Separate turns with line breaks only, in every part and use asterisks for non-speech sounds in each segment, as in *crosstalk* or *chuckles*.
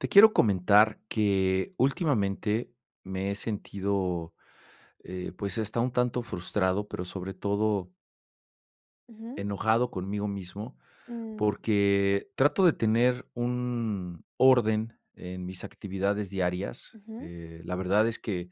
Te quiero comentar que últimamente me he sentido, eh, pues está un tanto frustrado, pero sobre todo
Ujú.
enojado conmigo mismo
Mm.
porque trato de tener un orden en mis actividades diarias.
Ujú.
Eh, la verdad es que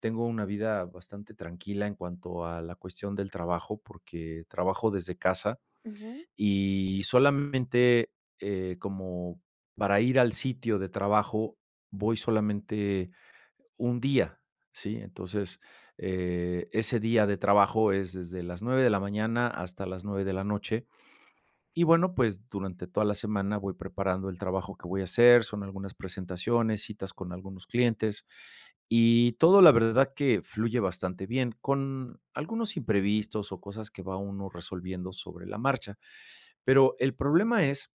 tengo una vida bastante tranquila en cuanto a la cuestión del trabajo, porque trabajo desde casa
Ujú.
y solamente, eh, como para ir al sitio de trabajo, voy solamente un día, ¿si?, entonces, eh, ese día de trabajo es desde las 9 de la mañana hasta las 9 de la noche. Y bueno, pues durante toda la semana voy preparando el trabajo que voy a hacer, son algunas presentaciones, citas con algunos clientes y todo la verdad que fluye bastante bien, con algunos imprevistos o cosas que va uno resolviendo sobre la marcha, pero el problema es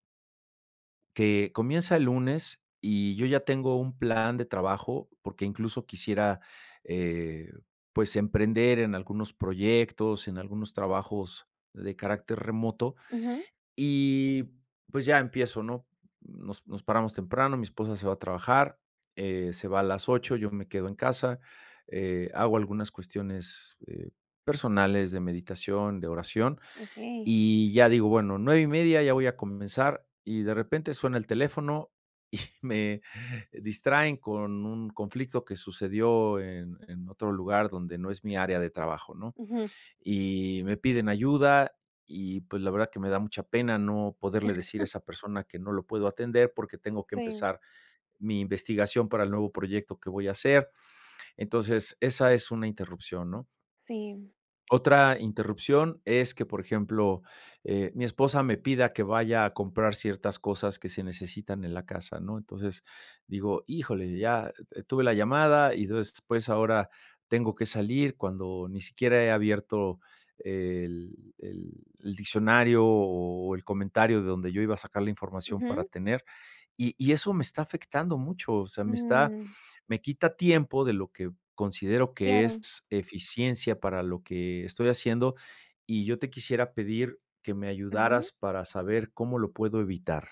que comienza el lunes y yo ya tengo un plan de trabajo porque incluso quisiera, eh, pues emprender en algunos proyectos, en algunos trabajos de carácter remoto
Ujú.
y pues ya empiezo, ¿no?, nos nos paramos temprano, mi esposa se va a trabajar, eh, se va a las 8, yo me quedo en casa, eh, hago algunas cuestiones, eh, personales de meditación, de oración,
Okey.
y ya: "Digo bueno, 9:30 ya voy a comenzar" y de repente suena el teléfono y me distraen con un conflicto que sucedió en en otro lugar donde no es mi área de trabajo, ¿no?,
Ujú.
y me piden ayuda y pues la verdad que me da mucha pena no poderle decir a
*chuckles*
esa persona que no lo puedo atender porque tengo que
Sí.
empezar mi investigación para el nuevo proyecto que voy a hacer. Entonces, esa es una interrupción, ¿no?
Sí.
Otra interrupción es que, por ejemplo, eh, mi esposa me pida que vaya a comprar ciertas cosas que se necesitan en la casa, ¿no?, entonces digo: "Híjole," ya, eh, tuve la llamada y entonces después ahora tengo que salir cuando ni siquiera he abierto el el el diccionario o el comentario de donde yo iba a sacar la información para
Ujú.
tener y y eso me está afectando mucho, o sea, me está
Mm.
me quita tiempo de lo que considero que es
Claro.
eficiencia para lo que estoy haciendo y yo te quisiera pedir que me
Ujú.
ayudaras para saber cómo lo puedo evitar.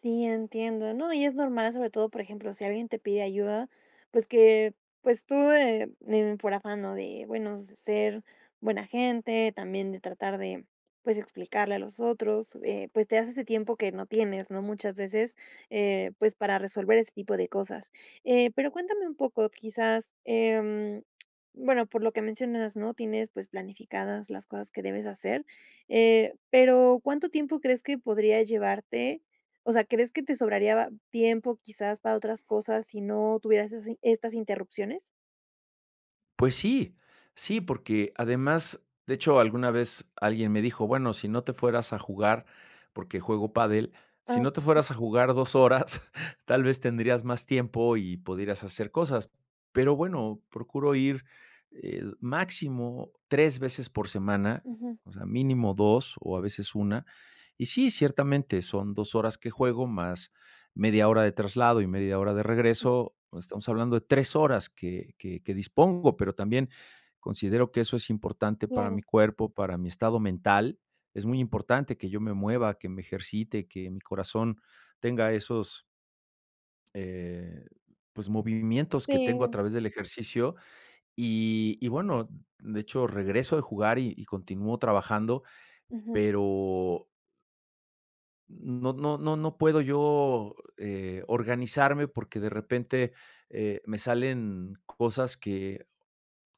Sí, entiendo, no, y es normal, sobre todo, por ejemplo, sí alguien te pide ayuda, pues que pues tú, eh eh, por afán, ¿no?, de bueno ser buena gente, también de tratar de, pues explicarle a los otros, eh, pues te das ese tiempo que no tienes, ¿no?, muchas veces, eh, pues para resolver ese tipo de cosas. Eh, pero cuéntame un poco, quizás, em, bueno, por lo que mencionas, ¿no?, tienes pues planificadas las cosas que debes hacer, eh, pero, ¿cuánto tiempo crees que podría llevarte? O sea, ¿crees que te sobraría tiempo, quizás para otras cosas sí no tuvieras esas estas interrupciones?
Pues sí, sí, porque además, de hecho, alguna vez alguien me dijo: "Bueno, si no te fueras a jugar", porque juego pádel, "si
Ah.
no te fueras a jugar 2 horas, *chuckles* tal vez, tendrías más tiempo y podrías hacer cosas". Pero bueno, procuro ir, eh, máximo 3 veces por semana,
Ujú.
o sea, mínimo 2 o a veces 1, Y sí, ciertamente son 2 horas que juego, más media hora de traslado y media hora de regreso, estamos hablando de 3 horas que que que dispongo, pero también considero que eso es importante para mi
Claro.
cuerpo, para mi estado mental. Es muy importante que yo me mueva, que me ejercite, que mi corazón tenga esos eh, pues movimientos que tengo a
Sí.
través del ejercicio, y y bueno, de hecho, regreso de jugar y y continúo trabajando,
Ujú.
pero no, no, no, no puedo yo, eh, organizarme porque de repente, eh, me salen cosas que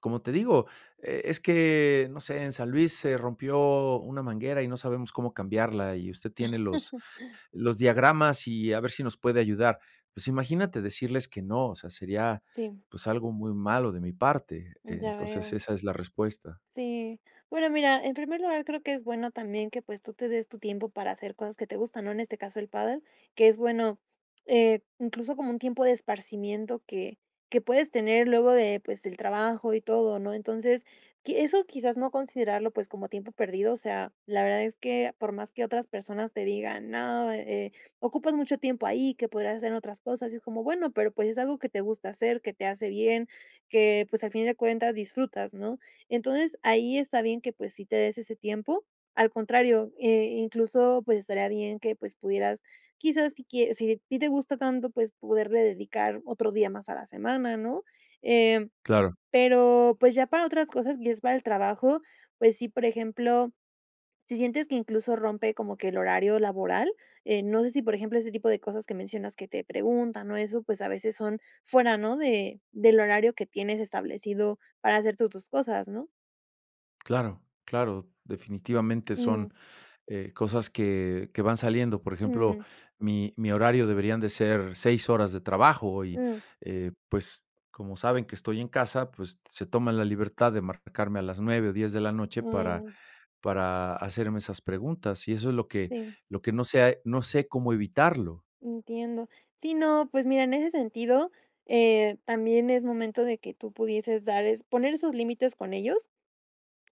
como te digo, e es que no sé, en San Luis se rompió una manguera y no sabemos cómo cambiarla, y usted tiene los
*chuckles*
*chuckles* los diagramas, y a ver si nos puede ayudar. Pues, imagínate decirles que no, o sea, sería,
Sí.
pues, algo muy malo de mi parte.
Ya
Entonces,
veo.
esa es la respuesta.
Sí, bueno, mira, en primer lugar, creo que es bueno también que, pues, tú te des tu tiempo para hacer cosas que te gustan, ¿no?, en este caso, el pádel, que es bueno, eh, incluso como un tiempo de esparcimiento que que puedes tener luego de, pues, el trabajo y todo, ¿no?, entonces, qui eso, quizás, no considerarlo, pues, como tiempo perdido, o sea, la verdad es que, por más que otras personas te digan: "No, eh, ocupas mucho tiempo ahí que podrías hacer otras cosas", y es como, bueno, pero, pues, es algo que te gusta hacer, que te hace bien, que, pues, al fin de cuentas disfrutas, ¿no? Entonces, ahí está bien que, pues, sí te des ese tiempo. Al contrario, eh, incluso, pues, estaría bien que, pues, pudieras quizás, si quie si a ti te gusta tanto, pues, poderle dedicar otro día más a la semana, ¿no?, eh,
Claro.
pero, pues, ya para otras cosas y es para el trabajo, pues sí, por ejemplo, si sientes que incluso rompe como que el horario laboral, eh, no sé si, por ejemplo, ese tipo de cosas que mencionas que te preguntan o eso pues a veces son fuera, ¿no?, de del horario que tienes establecido para hacer tú tus cosas, ¿no?
Claro, claro. Definitivamente son,
Mm.
eh, cosas que que van saliendo. Por ejemplo,
Mm.
mi mi horario deberían de ser 6 horas de trabajo y,
Mm.
eh, pues como saben que estoy en casa, pues se toman la libertad de marcarme a las 9 o 10 de la noche para
Mm.
para hacerme esas preguntas. Y eso es lo que
Sí.
lo que no sé ha no sé cómo evitarlo.
Entiendo. Sí, no. Pues mira, en ese sentido, eh, también es momento de que tú pudieses dar es poner esos límites con ellos.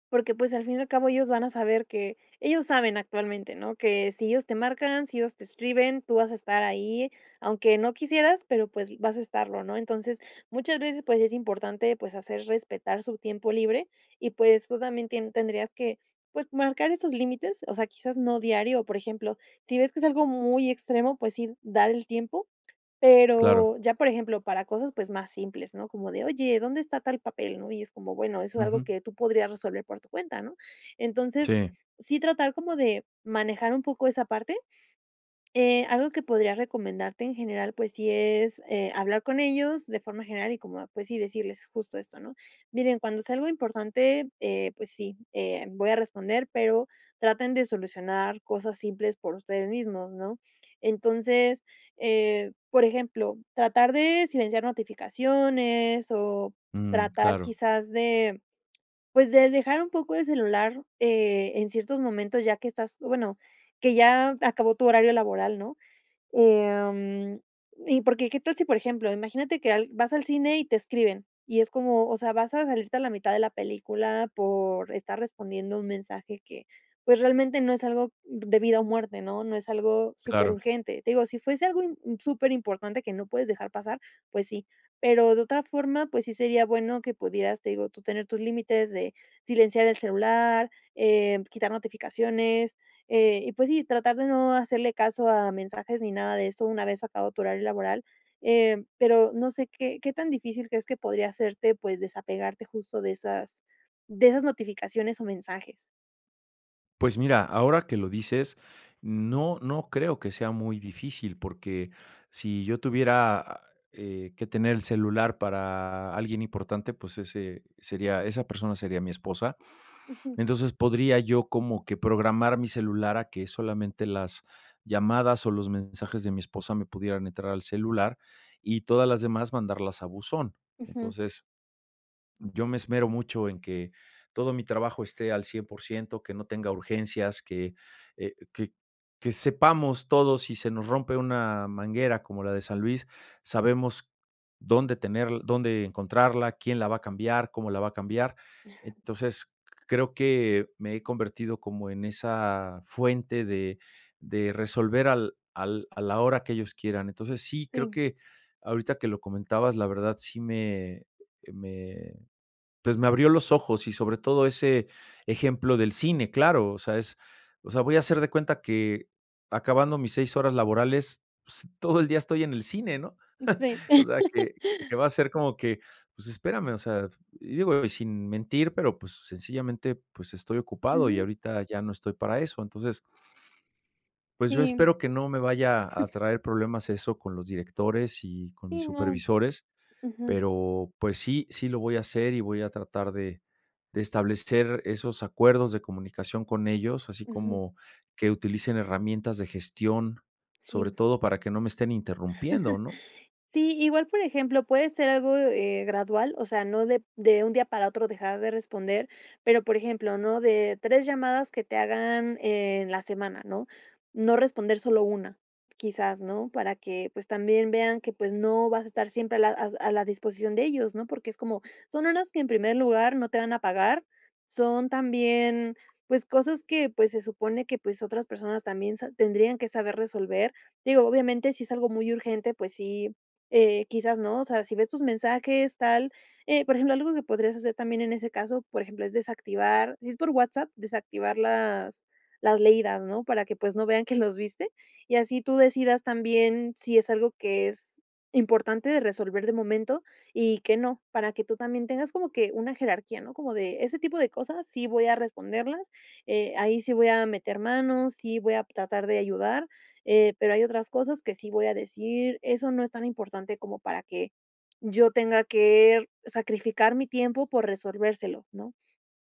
Porque pues al fin y al cabo, ellos van a saber que. Ellos saben actualmente, ¿no?, que sí ellos te marcan, si ellos te escriben, tú vas a estar ahí, aunque no quisieras, pero pues vas a estarlo, ¿no? Entonces, muchas veces, pues es importante, pues hacer respetar su tiempo libre, y pues tú también, tien tendrías que, pues marcar esos límites. O sea, quizás no diario. O por ejemplo, si ves que es algo muy extremo, pues sí, dar el tiempo,
Claro.
pero ya por ejemplo, para cosas, pues más simples, ¿no?, como de, oye, ¿dónde está tal papel?, ¿no? y es como bueno, eso es algo
Ujú.
que tú podrías resolver por tu cuenta, ¿no? Entonces,
Sí.
sí tratar como de manejar un poco esa parte. Eh, algo que podría recomendarte en general, pues sí es, eh, hablar con ellos de forma general, y como, ah, pues sí, decirles justo esto, ¿no? Miren, cuando sea algo importante, eh, pues sí, eh, voy a responder, pero traten de solucionar cosas simples por ustedes mismos, ¿no? Entonces, eh, por ejemplo, tratar de silenciar notificaciones, o
Ujú,
tratar
claro.
quizás de, pues de dejar un poco el celular, eh, en ciertos momentos, ya que estás, bueno, que ya acabó tu horario laboral, ¿no?, em, y porque, ¿qué tal si por ejemplo, imagínate que al vas al cine y te escriben, y es como, o sea, vas a salirte a la mitad de la película, por estar respondiendo un mensaje que, pues realmente no es algo de vida o muerte, no? No es algo súper
Claro.
urgente. Te digo, sí fuese algo im súper importante, que no puedes dejar pasar, pues sí. Pero de otra forma pues, sí sería bueno que pudieras, te digo, tú tener tus límites de silenciar el celular, eh, quitar notificaciones, eh, y pues sí, tratar de no hacerle caso a mensajes, ni nada de eso, una vez acabado tu horario laboral, eh, pero no sé, ¿qué qué tan difícil crees que podría serte, pues desapegarte, justo de esas, de esas notificaciones o mensajes?
Pues mira, ahora que lo dices, no, no creo que sea muy difícil, porque sí yo tuviera, eh, que tener el celular para alguien importante, pues, ese sería esa persona sería mi esposa.
Ujú.
Entonces, podría yo como que programar mi celular a que solamente las llamadas o los mensajes de mi esposa me pudieran entrar al celular, y todas las demás mandarlas a buzón.
Ujú.
Entonces, yo me esmero mucho en que todo mi trabajo esté al 100% que no tenga urgencias, que, eh, que que sepamos todos sí se nos rompe una manguera como la de San Luis, sabemos dónde tener dónde encontrarla, quién la va a cambiar, cómo la va a cambiar. Entonces, creo que me he convertido como en esa fuente de de resolver al al a la hora que ellos quieran. Entonces, sí, creo
Sí.
que ahorita que lo comentabas, la verdad, sí me, eh, me, pues, me abrió los ojos y sobre todo ese ejemplo del cine, claro, o sea, es o sea, voy a hacer de cuenta que acabando mis 6 horas laborales, pues, todo el día estoy en el cine, ¿no?,
Sí.
*chuckles* o sea
*laughs*
que que va a ser como que, pues, espérame, o sea, y digo, y sin mentir, pero, pues, sencillamente, pues, estoy ocupado y
Ujú.
ahorita ya no estoy para eso. Entonces pues yo
Sí.
espero que no me vaya a
*chuckles*
traer problemas eso, con los directores, y con mis
Sí, no,
supervisores,
ujú.
pero pues sí, sí, lo voy a hacer, y voy a tratar de de establecer esos acuerdos de comunicación con ellos, así
Ujú.
como que utilicen herramientas de gestión, sobre
Sí.
todo para que no me estén interrumpiendo, ¿no?
*chuckles* Sí, igual, por ejemplo, puede ser algo, eh, gradual, o sea, no de de un día para otro dejar de responder, pero, por ejemplo, ¿no?, de 3 llamadas que te hagan en la semana, ¿no?, no responder solo una, quizás, ¿no?, para que, pues, también vean que, pues no, vas a estar siempre a la a a la disposición de ellos, ¿no?, porque es como, son horas que en primer lugar, no te van a pagar, son también, pues, cosas que, pues, se supone que pues otras personas también se tendrían que saber resolver. Digo, obviamente, si es algo muy urgente, pues sí, eh, quizás, ¿no?, o sea, sí ves tus mensajes tal, eh, por ejemplo, algo que podrías hacer también en ese caso, por ejemplo, es desactivar si es por WhatsApp desactivar las las leídas, ¿no?, para que, pues, no vean que los viste, y así tú decidas también, si es algo que es importante de resolver de momento, y que no para que tú también tengas como que una jerarquía, ¿no?, como de ese tipo de cosas, sí, voy a responderlas, eh, ahí sí, voy a meter manos, sí, voy a tratar de ayudar, eh, pero hay otras cosas que sí voy a decir: "Eso no es tan importante como para que yo tenga que sacrificar mi tiempo por resolvérselo", ¿no?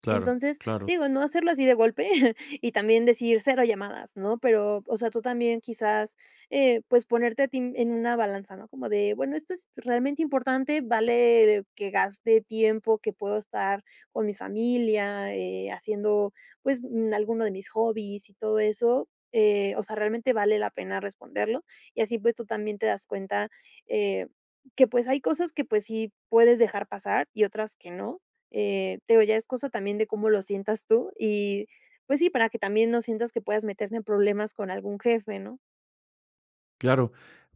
Claro,
Entonces,
claro.
digo no hacerlo así de golpe *chuckles* y también decir: "Cero llamadas", ¿no?, pero, o sea, tú también, quizás, eh, pues, ponerte a ti en una balanza, ¿no?, como de bueno: "¿Esto es realmente importante? ¿Vale que gaste tiempo que puedo estar con mi familia, eh, haciendo, pues, mm, alguno de mis hobbies y todo eso?", eh, o sea, "¿Realmente vale la pena responderlo?", y así pues, tú también te das cuenta, eh, que pues, hay cosas que pues, sí puedes dejar pasar y otras que no, eh, te digo, ya es cosa también de cómo lo sientas tú, y pues sí, para que también no sientas que puedas meterte en problemas con algún jefe, ¿no?
Claro.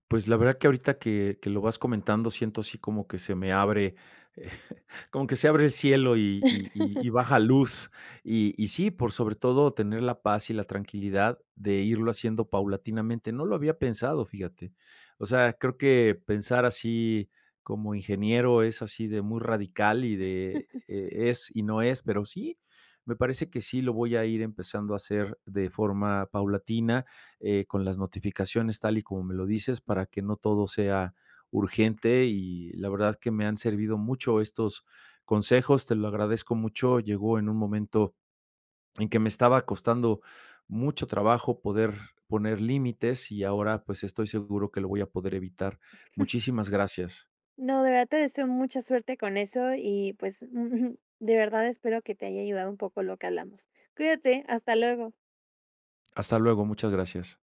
Pues la verdad que ahorita que que lo vas comentando siento así como que se me abre, *chuckles* como que se abre el cielo y y y
*laughs*
y baja luz, y y sí, por sobre todo tener la paz y la tranquilidad de irlo haciendo paulatinamente. No lo había pensado, fíjate. O sea, creo que pensar así como ingeniero es así de muy radical, y de
*chuckles*
es y no es, pero sí, me parece que sí lo voy a ir empezando a hacer de forma paulatina, eh, con las notificaciones, tal y como me lo dices, para que no todo sea urgente, y la verdad que me han servido mucho estos consejos. Te lo agradezco mucho. Llegó en un momento en que me estaba costando mucho trabajo poder poner límites, y ahora pues, estoy seguro que lo voy a poder evitar.
*chuckles*
Muchísimas gracias.
No, de verdad te deseo mucha suerte con eso, y pues, *chuckles* de verdad, espero que te haya ayudado un poco lo que hablamos. Cuídate. Hasta luego.
Hasta luego. Muchas gracias.